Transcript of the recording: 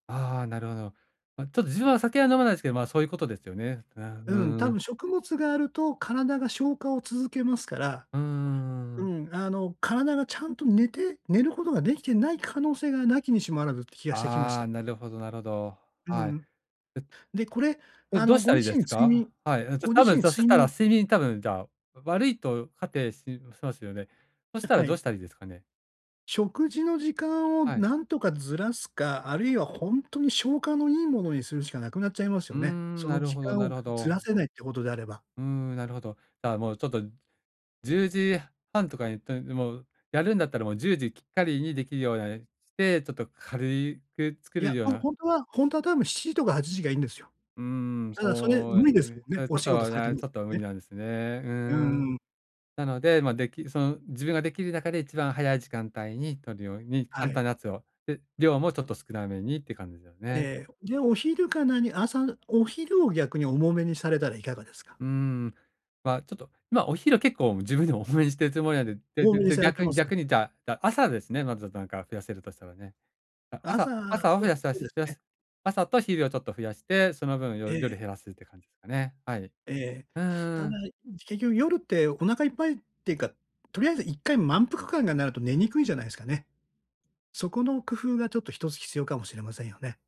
ああ、なるほど。ま、ちょっと自分は酒は飲まないですけど、ま、そういうことですよね。うんううん、んう多分ん。食物があると体が消化を続けますから、うーうん。ん、あの体がちゃんと寝て寝ることができてない可能性が無きにしもあらずって気がしてきましあた。あ、なるほどなるほど。うはい。ん。でで、これこれ、あどうの、したごらいい自で身す睡か？眠はい、ん、ちょご多自分身そし睡たら眠睡眠多分じゃあ悪いと仮定ししますよね。そしあ、たら、はどうい。したらいいですかね？食事の時間をはい。何とかずらすか、あるいはほんとに消化のいいものにするしかなくなっちゃいますうーよね。ん、そなのる時ほど間なをるほずらど。せないってことであれば。うーん、なるほど。じゃあもうちょっと、10時半とかに、とにもうやるんだったらもう10時きっかりにできるようなして、ちょっと軽いく作いや、るようほんな。ほんとはほんとは多分7時とか8時がいいんですよ。うーん、ただそれそうで無理ですもんね。す。ちおょっ仕事と、いされてや、まちょす、っと無ね。理なんですね。ううーんん。うん。なので、ま、できその自分ができる中で一番早い時間帯に取るように、は簡い。単なやつを、で、量もちょっと少なめにって感じだよね。ええ、で、お昼か何、朝お昼を逆に重めにされたらいかがですか？うん、ま、ちょっと、ま、お昼結構自分でも多めにしてるつもりなんでで多でめにでされて逆まにすか。逆にじゃあじゃあ朝ですね、まずなんか増やせるとしたらね。だ、朝、朝朝を増そやうさそしうです増やね。す、朝と昼をちょっと増やして、その分えよえ。夜減らすって感じですかね。はい。ええ、うんうたんだ、うん。結局夜ってお腹いっぱいっていうか、とりあえず1回満腹感がなると寝にくいんじゃないすかね。そこの工夫がちょっと1つ必要かもしれませんよね。